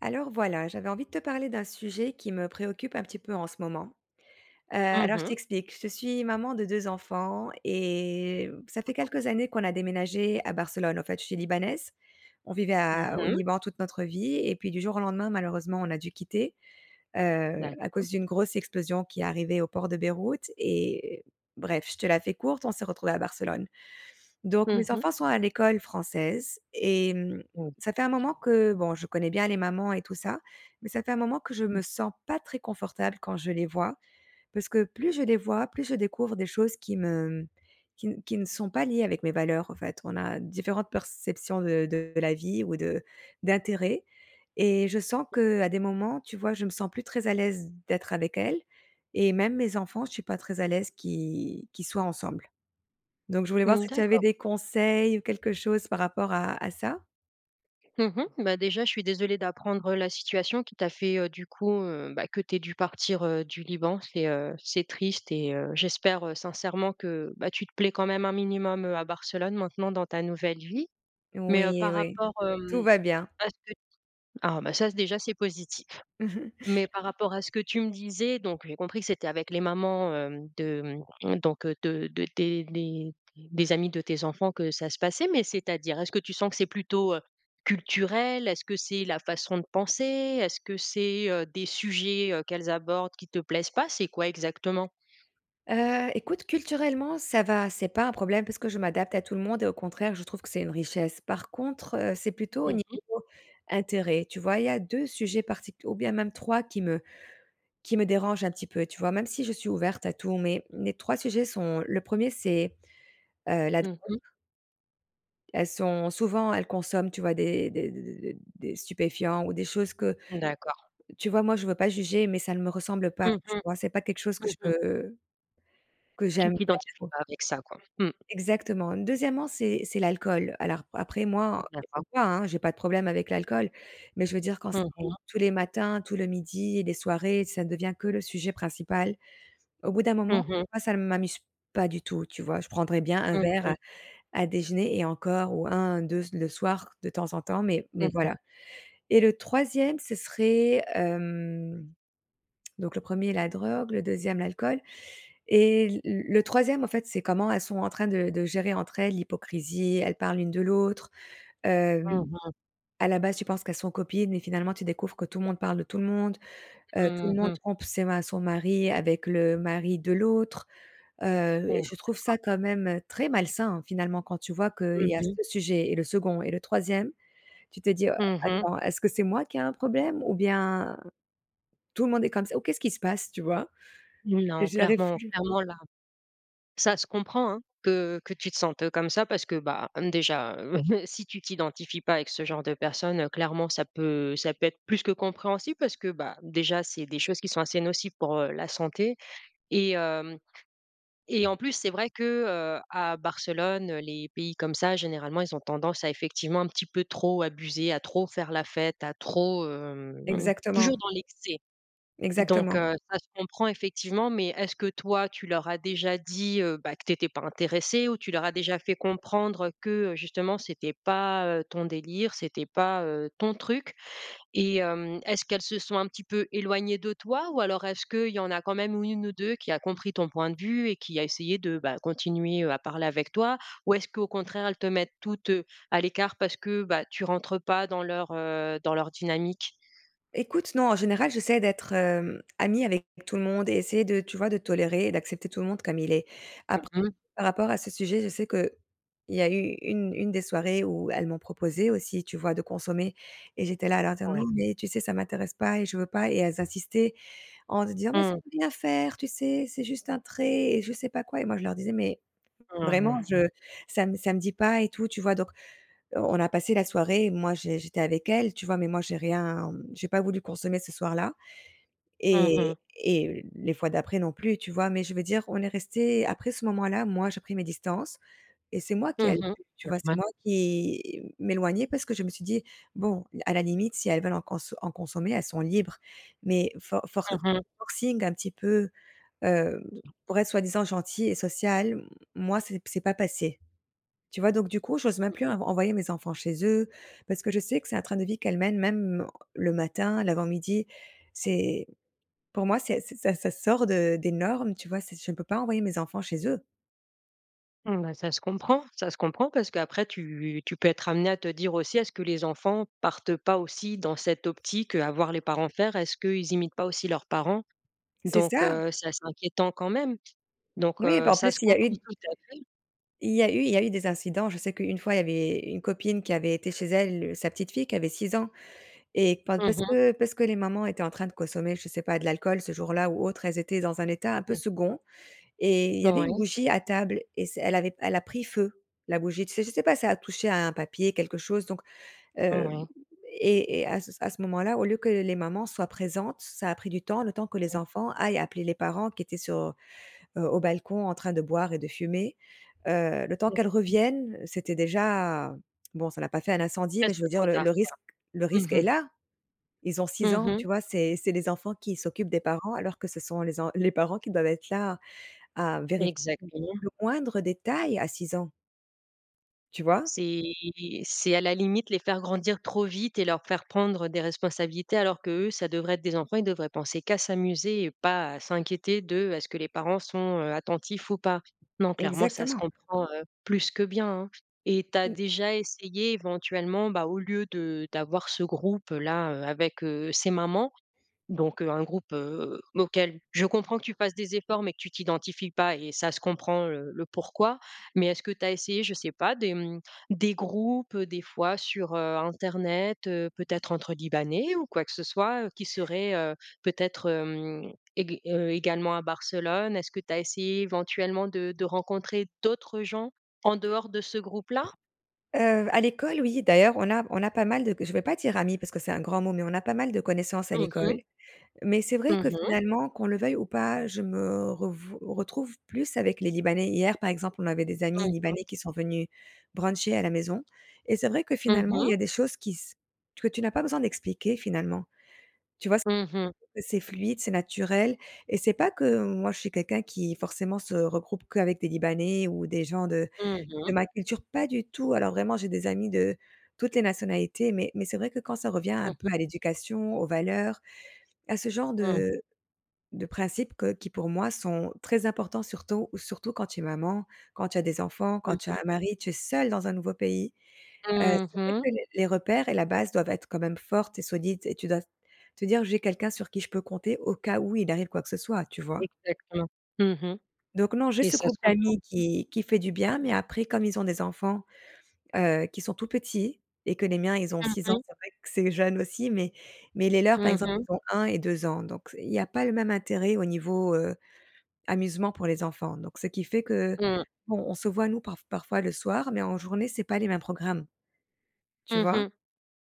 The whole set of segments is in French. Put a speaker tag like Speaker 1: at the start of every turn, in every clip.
Speaker 1: Alors voilà, j'avais envie de te parler d'un sujet qui me préoccupe un petit peu en ce moment. Heu,
Speaker 2: Mmh
Speaker 1: alors, je
Speaker 2: mh.
Speaker 1: t'explique, je suis maman de 2 enfants et mmh, ça
Speaker 2: Mmh
Speaker 1: fait
Speaker 2: mh.
Speaker 1: quelques années qu'on a déménagé à Barcelone, en fait, je suis libanaise. On vivait
Speaker 2: Mmh
Speaker 1: a au
Speaker 2: mh.
Speaker 1: Liban toute notre vie et puis du jour au lendemain, malheureusement, on a dû quitter, heu, à
Speaker 2: D'accord.
Speaker 1: cause d'une grosse explosion qui est arrivée au port de Beyrouth et bref, je te la fais courte, on s'est retrouvé à Barcelone. Donc
Speaker 2: Mmh
Speaker 1: mes
Speaker 2: mh.
Speaker 1: enfants sont à l'école française et mmh,
Speaker 2: Mmh.
Speaker 1: ça fait un moment que bon je connais bien les mamans et tout ça, mais ça fait un moment que je
Speaker 2: Mmh.
Speaker 1: me sens pas très confortable quand je les vois, parce que plus je les vois, plus je découvre des choses qui me, mmh, qui n qui ne sont pas liées avec mes valeurs, en fait, on a différentes perceptions de de la vie ou de d'intérêt et je sens
Speaker 2: [unintelligible]
Speaker 1: que à des moments, tu vois, je me sens plus très à l'aise d'être avec elles et même mes enfants, je suis pas très à l'aise qu'i qu'ils soient ensemble. Donc je voulais voir
Speaker 2: Mmh
Speaker 1: si tu avais
Speaker 2: d'accord.
Speaker 1: des conseils ou quelque chose par rapport à à ça?
Speaker 2: Mmh mh. Bah, déjà je suis désolé d'apprendre la situation qui t'a fait, heu, du coup, heu, bah, que tu aies dû partir, heu, du Liban c'est, heu, c'est triste et heu, j'espère, heu, sincèrement que, bah, tu te plais quand même un minimum, heu, à Barcelone maintenant dans ta nouvelle vie. Mais, heu,
Speaker 1: Oui,
Speaker 2: par
Speaker 1: oui,
Speaker 2: rapport, hem
Speaker 1: tout va bien.
Speaker 2: à ce que t ah, bah, ça c déjà c'est positif.
Speaker 1: Mmh mh.
Speaker 2: Mais par rapport à ce que tu me disais, donc j'ai compris que c'était avec les mamans, hem de, mmh, donc, heu, de de des les des amis de tes enfants que ça se passait, mais, c'est-à-dire, est-ce que tu sens que c'est plutôt, heu, culturel? Est-ce que c'est la façon de penser? Est-ce que c'est, heu, des sujets, heu, qu'elles abordent qui te plaisent pas, c'est quoi exactement?
Speaker 1: Heu, écoute, culturellement, ça va, c'est pas un problème parce que je m'adapte à tout le monde et au contraire, je trouve que c'est une richesse. Par contre, heu, c'est plutôt au
Speaker 2: Mmh mh.
Speaker 1: niveau intérêt. Tu vois? Il y a 2 sujets particu ou bien même 3 qui me qui me dérange un petit peu. Tu vois? Même si je suis ouverte à tout, mais mes 3 sujets sont, le 1er, c'est, heu, la
Speaker 2: Mmh mh.
Speaker 1: [unintelligible] Elles sont souvent, elles consomment, tu vois, des des des des des des des stupéfiants ou des choses que
Speaker 2: D'accord.
Speaker 1: tu vois, moi, je veux pas juger, mais ça ne me ressemble pas,
Speaker 2: Mmh
Speaker 1: tu
Speaker 2: mh.
Speaker 1: vois? C'est pas quelque chose que
Speaker 2: Mmh
Speaker 1: je
Speaker 2: mh.
Speaker 1: peux que j'aime
Speaker 2: Tu
Speaker 1: faire,
Speaker 2: t'identifies
Speaker 1: quoi.
Speaker 2: pas avec ça, quoi. Mmh.
Speaker 1: Exactement. 2°, c'est c'est l'alcool. Alors, après, moi, en
Speaker 2: D'accord.
Speaker 1: écoute, hein, j'ai pas de problème avec l'alcool mais je veux dire quand
Speaker 2: Mmh
Speaker 1: c'est
Speaker 2: mh.
Speaker 1: tous les matins, tout le midi, et des soirées, ça devient que le sujet principal, au bout d'un moment,
Speaker 2: Mmh
Speaker 1: tu
Speaker 2: mh.
Speaker 1: vois, ça ne m'amuse pas du tout, tu vois? Je prendrai bien un
Speaker 2: Mmh
Speaker 1: verre
Speaker 2: mh.
Speaker 1: à à déjeuner et encore ou 1-2 c le soir, de temps en temps, mais mais
Speaker 2: Mmh mh.
Speaker 1: voilà et le 3e, ce serait hem Donc, le 1er la drogue, le 2e l'alcool et l l le 3e, en fait, c'est comment elles sont en train de de gérer, entre elles, l'hypocrisie, elles parlent l'une de l'autre, hem.
Speaker 2: Mmh mh.
Speaker 1: À la base, tu penses qu'elles sont copines et finalement tu découvres que tout le monde parle de tout le monde. Heu, tout le
Speaker 2: Mmh
Speaker 1: monde
Speaker 2: mh.
Speaker 1: trompe ses ma son mari avec le mari de l'autre, heu et
Speaker 2: Mmh.
Speaker 1: je trouve
Speaker 2: D'accord.
Speaker 1: ça, quand même, heu, très malsain, hein, finalement, quand tu vois qu'il
Speaker 2: Mmh
Speaker 1: y a
Speaker 2: mh.
Speaker 1: ce sujet et le 2nd et le 3e, tu te dis: «Oh
Speaker 2: Mmh mh.
Speaker 1: attends, est-ce que c'est moi qui ai un problème ou bien? Tout le monde est comme ça? Ou qu'est-ce qui se passe?», tu vois et
Speaker 2: Non,
Speaker 1: j'y arrive
Speaker 2: clairement,
Speaker 1: plus.
Speaker 2: clairement là! Ça se comprend, hein, que, heu, que tu te sentes comme ça parce que, bah, mmh, déjà, si tu t'identifies pas avec ce genre de personne, heu, clairement, ça peut ça peut être plus que compréhensible parce que, bah, déjà, c'est des choses qui sont assez nocives pour, heu, la santé et hem et en plus, c'est vrai que, heu, à Barcelone, heu, les pays comme ça généralement, ils ont tendance à effectivement un petit peu trop abuser, à trop faire la fête, à trop, hem, mmh mh,
Speaker 1: Exactement.
Speaker 2: toujours dans l'excès. Donc
Speaker 1: Exactement.
Speaker 2: heu, ça se comprend, effectivement mais est-ce que, toi, tu leur as déjà dit, heu, bah, que tu étais pas intéressée ou tu leur as déjà fait comprendre que, heu, justement, c'était pas, heu, ton délire, c'était pas, heu, ton truc et hem, est-ce qu'elles se sont un petit peu éloignées de toi? Ou alors, est-ce qu'il y en a quand même ou 1 ou 2 qui a compris ton point de vue et qui a essayé de, bah, continuer, heu, à parler avec toi? Ou est-ce qu'au contraire, elles te mettent toutes, heu, à l'écart parce que, bah, tu rentres pas dans leur, heu, dans leur dynamique?
Speaker 1: Ecoute, non, en général, j'essaie d'être, hem, amie avec tout le monde et essayer de tu vois, de tolérer et d'accepter tout le monde comme il est.
Speaker 2: Mmh
Speaker 1: Apr
Speaker 2: mh.
Speaker 1: par rapport à ce sujet, je sais qu'il y a eu 1- 1 des soirées où elles m'ont proposé aussi, tu vois, de consommer et j'étais là, à leur dire: «Non,
Speaker 2: Ouais.
Speaker 1: mais tu sais, ça m'intéresse pas et je veux pas» et elles insistaient en se disant: «Mais ça
Speaker 2: Mmh mh.
Speaker 1: peut rien faire, tu sais, c'est juste un trait» et je sais pas quoi et moi je leur disais: «Mais
Speaker 2: Mmh
Speaker 1: vraiment,
Speaker 2: mh.
Speaker 1: je ça me ça me dit pas et tout», tu vois? Donc, heu, on a passé la soirée, moi, j'é j'étais avec elles, tu vois? Mais moi, j'ai rien mmh, j'ai pas voulu consommer ce soir-là
Speaker 2: Mmh
Speaker 1: et
Speaker 2: mh.
Speaker 1: et les fois d'après, non plus, tu vois? Mais je veux dire, on est restées, après ce moment-là, moi, j'ai pris mes distances et c'est moi qui a,
Speaker 2: Mmh mh.
Speaker 1: [unintelligible] tu
Speaker 2: C'est
Speaker 1: vois? C'est
Speaker 2: vrai.
Speaker 1: moi qui m'éloignais parce que je me suis dit: «Bon, à la limite, si elles veulent en conso en consommer, elles sont libres, mais for for
Speaker 2: Mmh mh.
Speaker 1: forcing un petit peu, hem, pour être soi-disant gentilles et sociales», moi c'est p c'est pas passé. Tu vois? Donc, du coup, j'ose même
Speaker 2: Mmh.
Speaker 1: plus en envoyer mes enfants chez eux parce que je sais que c'est un train de vie qu'elles mènent, même, heu, le matin, l'avant-midi. C'est pour moi, c'est c'est ça ça sort de des normes, tu vois? C'est je ne peux pas envoyer mes enfants chez eux!
Speaker 2: Mmh, ben ça se comprend. Ça se comprend, parce qu'après tu tu peux être amenée à te dire aussi: «Est-ce que les enfants partent pas aussi dans cette optique, heu, à voir les parents faire? Est-ce qu'ils imitent pas aussi leurs parents?»
Speaker 1: C'est
Speaker 2: Donc,
Speaker 1: ça!
Speaker 2: heu, c'est assez inquiétant quand même donc,
Speaker 1: Oui,
Speaker 2: heu,
Speaker 1: bah en
Speaker 2: ça
Speaker 1: plus,
Speaker 2: se
Speaker 1: il y a eu
Speaker 2: comprend
Speaker 1: d
Speaker 2: tout à fait.
Speaker 1: il y a eu il y a eu des incidents. Je sais qu'une fois, il y avait une copine qui avait été chez elle, heu, sa petite fille qui avait 6 ans et pa
Speaker 2: Mmh
Speaker 1: parce
Speaker 2: mh.
Speaker 1: que parce que les mamans étaient en train de consommer, je sais pas, de l'alcool, ce jour-là, ou autre, elles étaient dans un état un peu
Speaker 2: Mmh.
Speaker 1: 2nd et il y avait une
Speaker 2: Ouais.
Speaker 1: bougie à table et c elle avait elle a pris feu, la bougie, tu sais? Je sais pas, ça a touché à un papier quelque chose, donc,
Speaker 2: Mmh
Speaker 1: hem,
Speaker 2: mh.
Speaker 1: et et à à ce moment-là, au lieu que les mamans soient présentes, ça a pris du temps, le temps que les
Speaker 2: Mmh.
Speaker 1: enfants aillent appeler les parents, qui étaient sur, heu heu, au balcon en train de boire et de fumer, heu, le temps
Speaker 2: Ouais.
Speaker 1: qu'elles
Speaker 2: Mmh.
Speaker 1: reviennent, c'était déjà bon, ça n'a pas fait un incendie, mais je
Speaker 2: Presque
Speaker 1: veux dire
Speaker 2: trop
Speaker 1: le
Speaker 2: tard,
Speaker 1: le
Speaker 2: quoi.
Speaker 1: risque le risque
Speaker 2: Mmh
Speaker 1: est
Speaker 2: mh.
Speaker 1: là. Ils ont 6
Speaker 2: Mmh
Speaker 1: ans,
Speaker 2: mh.
Speaker 1: tu vois? C'est c'est les enfants qui s'occupent des parents, alors que ce sont les en les parents qui doivent être là, à vérifier
Speaker 2: Exactement.
Speaker 1: le moindre détail, à 6 ans. Tu vois?
Speaker 2: C'est c'est à la limite les faire grandir trop vite et leur faire prendre des responsabilités alors qu'eux, ça devrait être des enfants, ils devraient penser qu'à s'amuser et pas à s'inquiéter de: «Est-ce que les parents sont, heu, attentifs ou pas?» Non, clairement ça se
Speaker 1: Exactement!
Speaker 2: comprend, heu, plus que bien, hein! Et tu as
Speaker 1: Mmh.
Speaker 2: déjà essayé éventuellement, bah, au lieu de, d'avoir ce groupe-là, heu, avec, heu, ces mamans? Donc heu, un groupe, heu, auquel je comprends que tu fasses des efforts mais que tu t'identifies pas et ça se comprend, heu, le «pourquoi?» Mais est-ce que tu as essayé, je sais pas des, mmh, des groupes, heu, des fois sur, heu, internet, heu, peut-être entre libanais ou quoi que ce soit, heu, qui serait, heu, peut-être, hem, ég heu, également à Barcelone? Est-ce que tu as essayé éventuellement de de rencontrer d'autres gens en dehors de ce groupe-là?
Speaker 1: Heu, à l'école, oui. D'ailleurs on a on a pas mal de je vais pas dire «amis» parce que c'est un grand mot, mais on n'a pas mal de connaissances à
Speaker 2: Mmh mh.
Speaker 1: l'école, mais c'est vrai
Speaker 2: Mmh
Speaker 1: que,
Speaker 2: mh.
Speaker 1: finalement, qu'on le veuille ou pas, je me revou retrouve plus avec les libanais. Hier par exemple on avait des amis
Speaker 2: Mmh
Speaker 1: libanais
Speaker 2: mh.
Speaker 1: qui sont venus bruncher à la maison, et c'est vrai que,
Speaker 2: Mmh
Speaker 1: finalement, il y
Speaker 2: mh.
Speaker 1: a des choses qui s que tu n'as pas besoin d'expliquer finalement. Tu vois s
Speaker 2: Mmh mh.
Speaker 1: c'est c'est fluide c'est naturel, et c'est pas que moi je suis quelqu'un qui forcément se regroupe qu'avec des libanais ou des gens de
Speaker 2: Mmh
Speaker 1: de
Speaker 2: mh.
Speaker 1: ma culture. Pas du tout alors vraiment j'ai des amis de toutes les nationalités, mais mais c'est vrai que quand ça revient
Speaker 2: Mmh
Speaker 1: un peu
Speaker 2: mh.
Speaker 1: à l'éducation, aux valeurs, à ce genre
Speaker 2: Mmh.
Speaker 1: de de principes que qui pour moi sont très importants surtout surtout quand tu es maman, quand tu as des enfants,
Speaker 2: Mmh
Speaker 1: quand tu as
Speaker 2: mh.
Speaker 1: un mari, tu es seule dans un nouveau pays. Heu,
Speaker 2: Mmh
Speaker 1: c'est vrai
Speaker 2: mh.
Speaker 1: que les les repères et la base doivent être quand même fortes et solides et tu dois te dire: «J'ai quelqu'un sur qui je peux compter au cas où il arrive quoi que ce soit» tu vois?
Speaker 2: Exactement. Mmh mh,
Speaker 1: Donc non j'ai
Speaker 2: et
Speaker 1: ce
Speaker 2: ça
Speaker 1: groupe
Speaker 2: se comprend.
Speaker 1: d'amis qui qui fait du bien, mais après comme ils ont des enfants, heu, qui sont tout petits, et que les miens ils ont
Speaker 2: Mmh
Speaker 1: 6 ans
Speaker 2: mh.
Speaker 1: c'est vrai que c'est jeune aussi mais mais les leurs par
Speaker 2: Mmh
Speaker 1: exemple
Speaker 2: mh.
Speaker 1: ils ont 1 et 2 ans, donc c il y a pas le même intérêt au niveau, heu, amusement pour les enfants, donc ce qui fait qu'on
Speaker 2: Mmh.
Speaker 1: on se voit nous parf parfois le soir, mais en journée c'est pas les mêmes programmes. Tu
Speaker 2: Mmh
Speaker 1: vois?
Speaker 2: mh.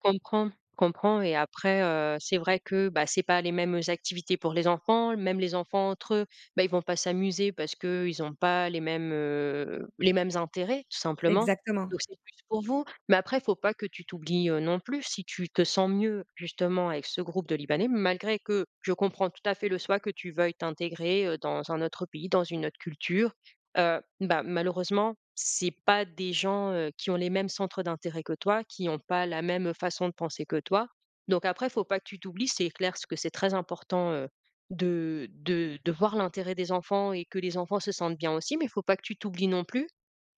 Speaker 2: Comprends, comprends et après, heu, c'est vrai que, bah, c'est pas les mêmes, heu, activités pour les enfants, même les enfants entre eux, bah, ils vont pas s'amuser parce qu'ils ont pas les mêmes, heu, les mêmes intérêts tout simplement,
Speaker 1: Exactement.
Speaker 2: donc c'est plus pour vous, mais après il faut pas que tu t'oublies, heu, non plus si tu te sens mieux, justement avec ce groupe de libanais, malgré que je comprends tout à fait le choix que tu veuilles t'intégrer, heu, dans un autre pays, dans une autre culture, heu, bah, malheureusement, c'est pas des gens, heu, qui ont les mêmes centres d'intérêt que toi, qui ont pas la même façon de penser que toi, donc après faut pas que tu t'oublies c'est clair ce que c'est très important, heu, de de de voir l'intérêt des enfants et que les enfants se sentent bien aussi, mais faut pas que tu t'oublies non plus,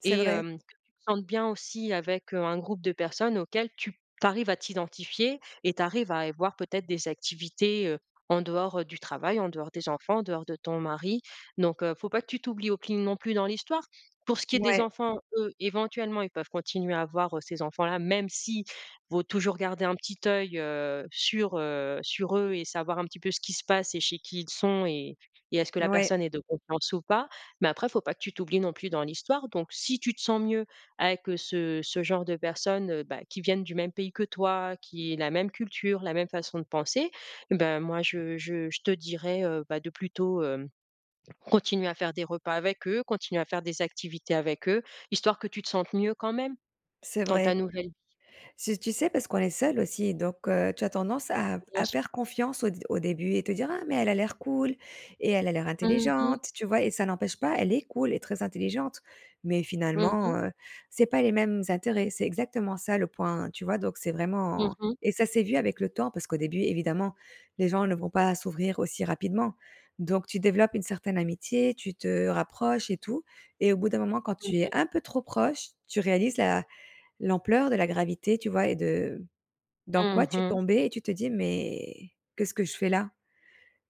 Speaker 1: C'est
Speaker 2: et
Speaker 1: vrai.
Speaker 2: hem, que tu te sentes bien aussi avec un groupe de personnes auxquelles tu tu arrives à t'identifier et tu arrives à avoir peut-être des activités, heu, en dehors, heu, du travail, en dehors des enfants, en dehors de ton mari, donc heu, faut pas que tu t'oublies au cline non plus dans l'histoire. Pour ce qui est des
Speaker 1: Mouais.
Speaker 2: enfants, eux, éventuellement ils peuvent continuer à voir, heu, ces enfants-là même si, vaut toujours garder un petit oeil, heu, sur, heu, sur eux et savoir un petit peu ce qui se passe et chez qui ils sont et et est-ce que la
Speaker 1: Ouais.
Speaker 2: personne est de confiance ou pas? Mais après faut pas que tu t'oublies non plus dans l'histoire, donc si tu te sens mieux avec ce ce genre de personnes, heu, bah, qui viennent du même pays que toi, qui aient la même culture, la même façon de penser, et ben, moi je je je te dirais, heu, bah, de plutôt, hem, continuer à faire des repas avec eux, continuer à faire des activités avec eux, histoire que tu te sentes mieux quand même,
Speaker 1: C'est
Speaker 2: dans ta
Speaker 1: vrai.
Speaker 2: nouvelle
Speaker 1: Si, tu sais, parce qu'on est seul aussi, donc heu, tu as tendance à
Speaker 2: Bien
Speaker 1: à
Speaker 2: sûr.
Speaker 1: faire confiance au d au début, et te dire: «Ah mais elle a l'air cool et elle a l'air
Speaker 2: Mmh mh.
Speaker 1: intelligente» tu vois? Et ça n'empêche pas, elle est cool et très intelligente, mais
Speaker 2: Mmh
Speaker 1: finalement,
Speaker 2: mh.
Speaker 1: heu, c'est pas les mêmes intérêts, c'est exactement ça le point, tu vois? Donc c'est
Speaker 2: Mmh
Speaker 1: vraiment
Speaker 2: mh.
Speaker 1: et ça s'est vu avec le temps parce qu'au début évidemment, les gens ne vont pas s'ouvrir aussi rapidement, donc tu développes une certaine amitié, tu te rapproches et tout, et au bout d'un moment quand
Speaker 2: Mmh
Speaker 1: tu es
Speaker 2: mh.
Speaker 1: un peu trop proche, tu réalises la l'ampleur de la gravité, tu vois? Et de dans quoi
Speaker 2: Mmh
Speaker 1: tu es
Speaker 2: mh.
Speaker 1: tombée et tu te dis: «Mais qu'est-ce que je fais là?»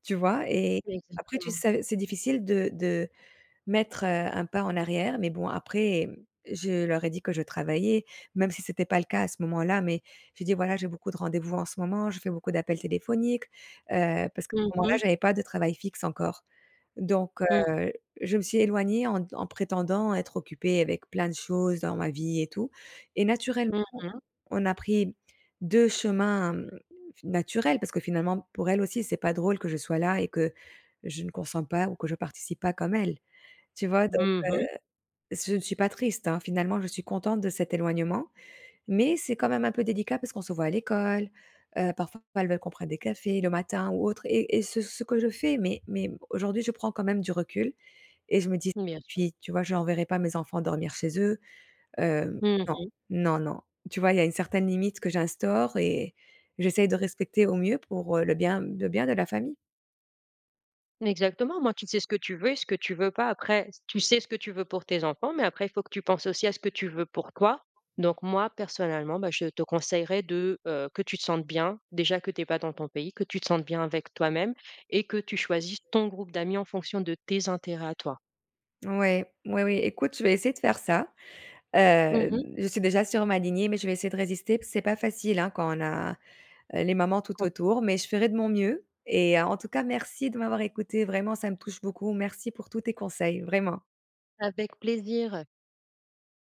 Speaker 1: tu vois? Et après tu
Speaker 2: Exactement.
Speaker 1: sais c'est difficile de de, mettre, heu, 1 pas en arrière, mais bon, après, mmh, je leur ai dit que je travaillais. Même si c'était pas le cas à ce moment-là mais j'ai dit: «Voilà j'ai beaucoup de rendez-vous en ce moment, je fais beaucoup d'appels téléphoniques», heu, parce qu'à
Speaker 2: Mmh
Speaker 1: ce moment-là
Speaker 2: mh.
Speaker 1: j'avais pas de travail fixe encore, donc
Speaker 2: Mmh mh.
Speaker 1: heu, je me suis éloignée en en prétendant être occupée avec plein de choses dans ma vie et tout, et naturellement,
Speaker 2: Mmh mh.
Speaker 1: on a pris 2 chemins, mmh, naturels parce que finalement, pour elles aussi c'est pas drôle que je sois là et que, je ne consente pas ou que je participe pas comme elles. Tu vois? Donc
Speaker 2: Mmh mh.
Speaker 1: heu, je ne suis pas triste, hein, finalement je suis contente de cet éloignement, mais c'est quand même un peu délicat parce qu'on se voit à l'école, heu, parfois elles veulent qu'on prenne des cafés le matin ou autre, et et ce ce que je fais, mais mais aujourd'hui je prends quand même du recul, et je me dis
Speaker 2: Mmh, bien sûr.
Speaker 1: puis, tu vois? Je renverrais pas mes enfants dormir chez eux, hem,
Speaker 2: Mmh
Speaker 1: non,
Speaker 2: mh.
Speaker 1: non, non. Tu vois, il y a une certaine limite que j'instaure et j'essaie de respecter au mieux pour, heu, le bien le bien de la famille.
Speaker 2: Exactement, au moins tu sais ce que tu veux et ce que tu veux pas, après, tu sais ce que tu veux pour tes enfants, mais après faut que tu penses aussi à ce que tu veux pour toi, donc moi personnellement, bah, je te conseillerais, de, heu, que tu te sentes bien. Déjà que tu es pas dans ton pays. Que tu te sentes bien avec toi-même, et que tu choisisses ton groupe d'amis en fonction de tes intérêts à toi.
Speaker 1: Ouais. Oui, oui. Écoute je vais essayer de faire ça.
Speaker 2: Mmh mh.
Speaker 1: Hem, je suis déjà sur ma lignée mais je vais essayer de résister, p c'est pas facile, hein, quand on a, heu, les mamans tout
Speaker 2: Compr
Speaker 1: autour, mais je ferai de mon mieux, et en tout cas merci de m'avoir écoutée vraiment, ça me touche beaucoup. Merci pour tous tes conseils, vraiment!
Speaker 2: Avec plaisir!